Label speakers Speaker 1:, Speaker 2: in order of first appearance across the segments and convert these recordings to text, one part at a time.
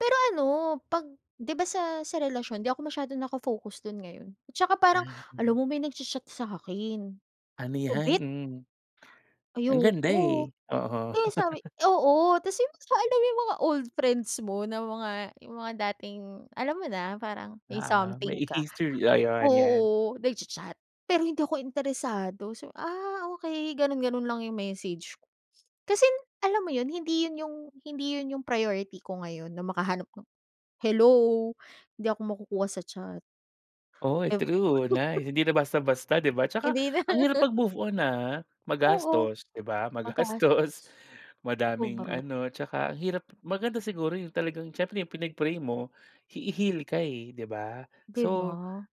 Speaker 1: Pero ano 'pag 'di ba sa sa relasyon di ako masyadong naka focus dun ngayon, at tsaka parang
Speaker 2: Ay,
Speaker 1: alam
Speaker 2: hmm.
Speaker 1: mo may nagcha-chat sa'kin, 'di ko
Speaker 2: Amihan
Speaker 1: bet.
Speaker 2: mm. Ang ganda
Speaker 1: Ayoko,
Speaker 2: eh, oo.
Speaker 1: eh, sabi, oo ta's yung basta alam mo yung mga old friends mo na mga yung mga dating alam mo na parang may
Speaker 2: Ah,
Speaker 1: something
Speaker 2: may
Speaker 1: ka.
Speaker 2: history ayan 'yan.
Speaker 1: Oo, nagcha-chat, pero hindi ako interesado so, ah, okey ganon, ganon lang yung message ko. Kasi alam mo yun hindi yun yung, hindi yun yung priority ko ngayon na makahanap ng, hello hindi ako makukuha sa chat.
Speaker 2: Oy
Speaker 1: Ewan ko.
Speaker 2: true, nice hindi na basta-basta 'di ba, 'tsaka
Speaker 1: Hindi na.
Speaker 2: ang hirap mag move on ah,
Speaker 1: Oo,
Speaker 2: magastos 'di ba magastos,
Speaker 1: magastos.
Speaker 2: madaming
Speaker 1: Sobra.
Speaker 2: ano 'tsaka ang hirap, maganda siguro yung talagang siyempre yung pinag pray mo, hi heal ka eh, 'di ba
Speaker 1: 'Di
Speaker 2: so,
Speaker 1: ba?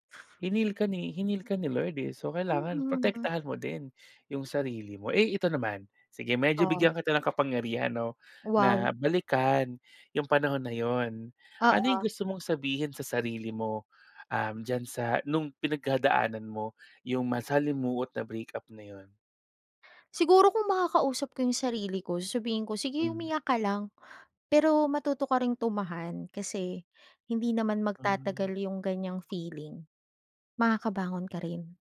Speaker 2: hineal ka ni hineal ka ni Lord eh, so kailangan
Speaker 1: Mm.
Speaker 2: protektahan mo din yung sarili mo. Eh, ito naman, sige medyo
Speaker 1: Oo.
Speaker 2: bigyan kita ng kapangyarihan 'no
Speaker 1: Wow.
Speaker 2: na balikan yung panahon na yun, ano
Speaker 1: Oo.
Speaker 2: yung gusto mong sabihin sa sarili mo um diyan sa nung pinagdadaanan mo yung masalimuot na breakup na yun?
Speaker 1: Siguro kung makakausap ko yung sarili ko sasabihin ko sige
Speaker 2: Mm.
Speaker 1: umiyak ka lang, pero matuto ka ring tumahan kasi hindi naman magtatagal
Speaker 2: Mm.
Speaker 1: yung ganyang feeling, makakabangon ka rin,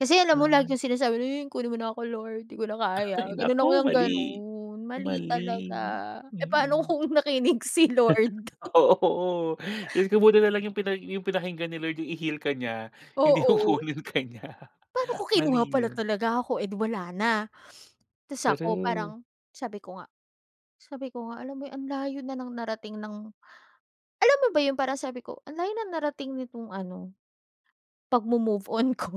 Speaker 1: kasi alam mo lagi
Speaker 2: Nice.
Speaker 1: yung sinasabi yun "kunin mo na ako lord di ko na kaya",
Speaker 2: Ay
Speaker 1: ganun
Speaker 2: naku
Speaker 1: ako yung
Speaker 2: mali,
Speaker 1: ganun, mali
Speaker 2: mali,
Speaker 1: talaga eh pa'no
Speaker 2: mm.
Speaker 1: kung nakinig si Lord.
Speaker 2: Oo, dios ko buti nalang yung pinag yung pinakinggan ni Lord yung i-heal ka niya, hindi yung
Speaker 1: Oo.
Speaker 2: kunin ka niya,
Speaker 1: Pa'no kung kinuha
Speaker 2: mali
Speaker 1: pala
Speaker 2: yun.
Speaker 1: talaga ako eh di wala na. Tas ako
Speaker 2: True.
Speaker 1: parang sabi ko nga, sabi ko nga alam mo yung ang layo na ng narating ng alam mo ba yun parang sabi ko ang layo ng narating nitong ano, 'pag mo-move on ko.